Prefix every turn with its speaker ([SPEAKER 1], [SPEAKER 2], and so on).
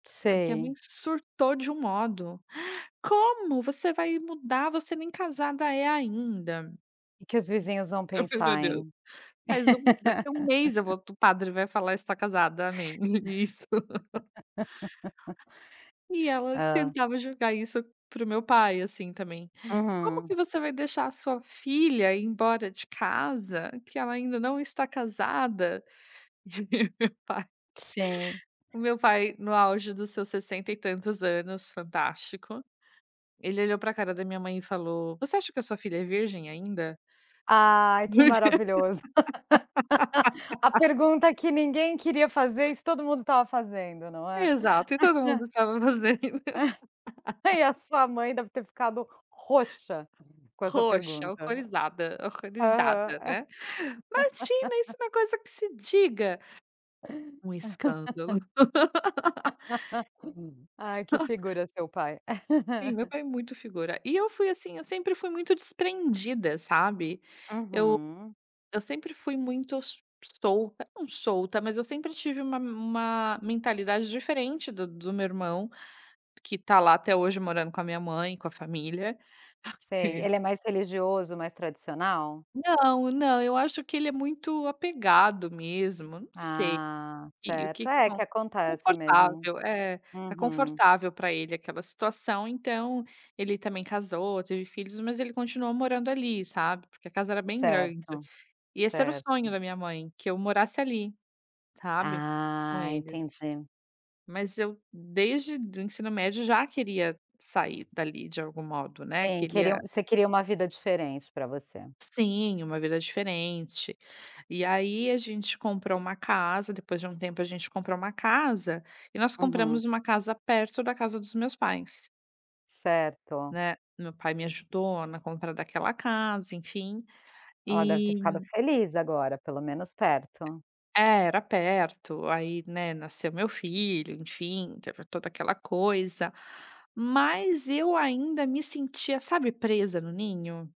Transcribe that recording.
[SPEAKER 1] Só que a minha
[SPEAKER 2] Sei.
[SPEAKER 1] surtou de um modo. "Como, você vai mudar, você nem casada é ainda".
[SPEAKER 2] "Que que os vizinhos vão
[SPEAKER 1] Eu fiz: "Meu
[SPEAKER 2] pensar,
[SPEAKER 1] Deus,
[SPEAKER 2] hein".
[SPEAKER 1] faz um daqui 1 mês eu vou t o padre vai falar: está casada, amém". Isso. E ela
[SPEAKER 2] Hã.
[SPEAKER 1] tentava jogar isso para o meu pai, assim, também. "Como
[SPEAKER 2] Uhum.
[SPEAKER 1] que você vai deixar a sua filha ir embora de casa, que ela ainda não está casada". Meu pai
[SPEAKER 2] Sim.
[SPEAKER 1] o meu pai, no auge dos seus 60 e tantos anos, fantástico, ele olhou para cara da minha mãe e falou: "Você acha que a sua filha é virgem ainda?".
[SPEAKER 2] Ai, que maravilhoso. A pergunta que ninguém queria fazer, isso todo mundo estava fazendo, não é.
[SPEAKER 1] Exato, e todo mundo estava fazendo.
[SPEAKER 2] E a sua mãe deve ter ficado roxa com essa
[SPEAKER 1] Roxa,
[SPEAKER 2] pergunta.
[SPEAKER 1] alcoolizada,
[SPEAKER 2] Aham.
[SPEAKER 1] alcoolizada né. "Imagina, isso não é uma coisa que se diga". Um escândalo.
[SPEAKER 2] Ai, que figura seu pai.
[SPEAKER 1] Sim, meu pai é muito figura. E eu fui, assim, eu sempre fui muito desprendida, sabe. Eu
[SPEAKER 2] Uhum.
[SPEAKER 1] eu sempre fui muito s solta, não solta, mas eu sempre tive uma uma mentalidade diferente do do meu irmão, que está lá até hoje morando com a minha mãe, com a família.
[SPEAKER 2] Sei,
[SPEAKER 1] Re
[SPEAKER 2] ele é mais religioso, mais tradicional?
[SPEAKER 1] Não, não, eu acho que ele é muito apegado mesmo, não sei.
[SPEAKER 2] Ah,
[SPEAKER 1] E o que
[SPEAKER 2] certo.
[SPEAKER 1] que
[SPEAKER 2] É,
[SPEAKER 1] acon
[SPEAKER 2] que acontece mesmo.
[SPEAKER 1] confortável, é, está
[SPEAKER 2] Uhum.
[SPEAKER 1] confortável para ele aquela situação, então ele também casou, teve filhos, mas ele continuou morando ali, sabe, porque a casa era bem grande.
[SPEAKER 2] Certo,
[SPEAKER 1] E esse era o sonho
[SPEAKER 2] certo.
[SPEAKER 1] da minha mãe, que eu morasse ali, sabe, com
[SPEAKER 2] Ah,
[SPEAKER 1] eles.
[SPEAKER 2] entendi.
[SPEAKER 1] Mas eu desde do ensino médio já queria sair dali de algum modo, né,
[SPEAKER 2] Sim, queria
[SPEAKER 1] queria
[SPEAKER 2] um você queria uma vida diferente para você.
[SPEAKER 1] Sim, uma vida diferente. E aí a gente comprou uma casa, depois de um tempo a gente comprou uma casa, e nós
[SPEAKER 2] Uhum.
[SPEAKER 1] compramos uma casa perto da casa dos meus pais.
[SPEAKER 2] Certo.
[SPEAKER 1] Né, meu pai me ajudou na compra daquela casa, enfim,
[SPEAKER 2] Ela deve ter
[SPEAKER 1] e
[SPEAKER 2] ficado feliz agora, pelo menos perto.
[SPEAKER 1] É, era perto, aí, né, nasceu meu filho, enfim, teve toda aquela coisa, mas eu ainda me sentia, sabe, presa no ninho.